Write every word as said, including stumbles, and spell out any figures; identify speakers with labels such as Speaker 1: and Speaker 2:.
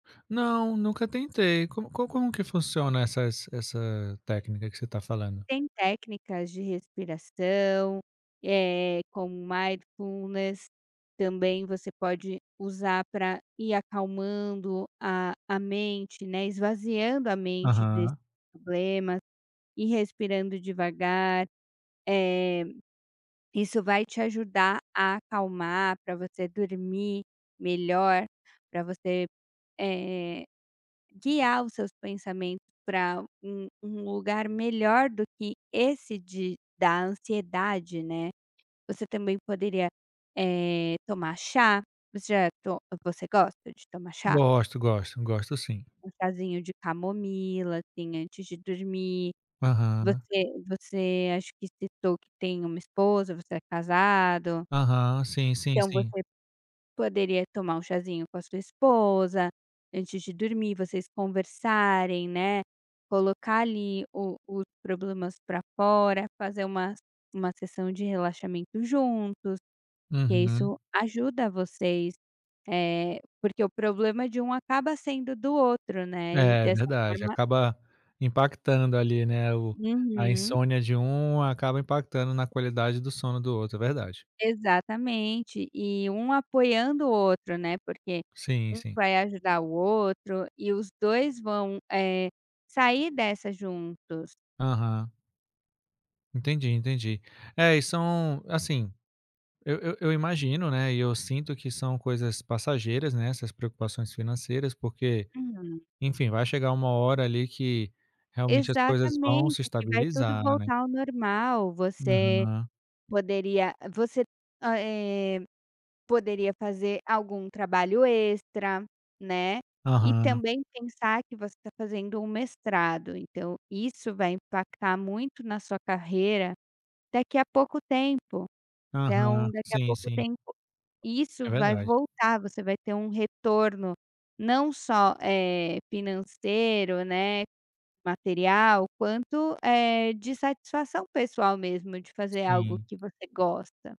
Speaker 1: Não, eu nunca tentei. Com como como que funciona essas essa técnica que você tá falando?
Speaker 2: Tem técnicas de respiração, eh, como mindfulness também você pode usar pra ir acalmando a a mente, né, esvaziando a mente desses
Speaker 1: Aham.
Speaker 2: problemas ir respirando devagar, eh, isso vai te ajudar a acalmar pra você dormir melhor, pra você, eh, guiar os seus pensamentos pra um um lugar melhor do que esse de da ansiedade, né. Você também poderia, eh, tomar chá, você já to você gosta de tomar chá?
Speaker 1: Gosto, gosto. Gosto, sim.
Speaker 2: Um chazinho de camomila, assim, antes de dormir,
Speaker 1: Aham.
Speaker 2: você você acho que citou que tem uma esposa, você é casado
Speaker 1: Aham, sim, sim,
Speaker 2: então,
Speaker 1: sim.
Speaker 2: você poderia tomar um chazinho com a sua esposa antes de dormir, vocês conversarem, né, colocar ali o os problemas pra fora, fazer um uma sessão de relaxamento juntos, porque
Speaker 1: Uhum.
Speaker 2: isso ajuda vocês, eh, porque o problema de um acaba sendo do outro, né, e
Speaker 1: É
Speaker 2: dessa
Speaker 1: verdade,
Speaker 2: forma
Speaker 1: acaba impactando ali, né, o a
Speaker 2: Uhum.
Speaker 1: insônia de um acaba impactando na qualidade do sono do outro, é verdade.
Speaker 2: Exatamente e um apoiando o outro, né, porque
Speaker 1: Sim,
Speaker 2: um
Speaker 1: sim.
Speaker 2: vai ajudar o outro e os dois vão, eh, sair dessa juntos.
Speaker 1: Aham. Entendi, entendi. É e são assim, eu eu eu imagino, né, e eu sinto que são coisas passageiras, né, essas preocupações financeiras, porque,
Speaker 2: Hum.
Speaker 1: enfim, vai chegar uma hora ali que realmente as coisas vão
Speaker 2: Exatamente,
Speaker 1: se
Speaker 2: aqui vai tudo
Speaker 1: estabilizar, né.
Speaker 2: voltar ao normal, você
Speaker 1: Aham.
Speaker 2: poderia você, a eh, poderia fazer algum trabalho extra, né, e
Speaker 1: Aham.
Speaker 2: também pensar que você tá fazendo um mestrado. Então, isso vai impactar muito na sua carreira daqui a pouco tempo,
Speaker 1: Aham,
Speaker 2: então, daqui a
Speaker 1: sim,
Speaker 2: pouco
Speaker 1: sim.
Speaker 2: tempo
Speaker 1: É
Speaker 2: isso vai
Speaker 1: verdade.
Speaker 2: voltar você vai ter um retorno não só, eh, financeiro, né, material, quanto, eh, de satisfação pessoal mesmo de fazer algo
Speaker 1: Sim.
Speaker 2: que você gosta.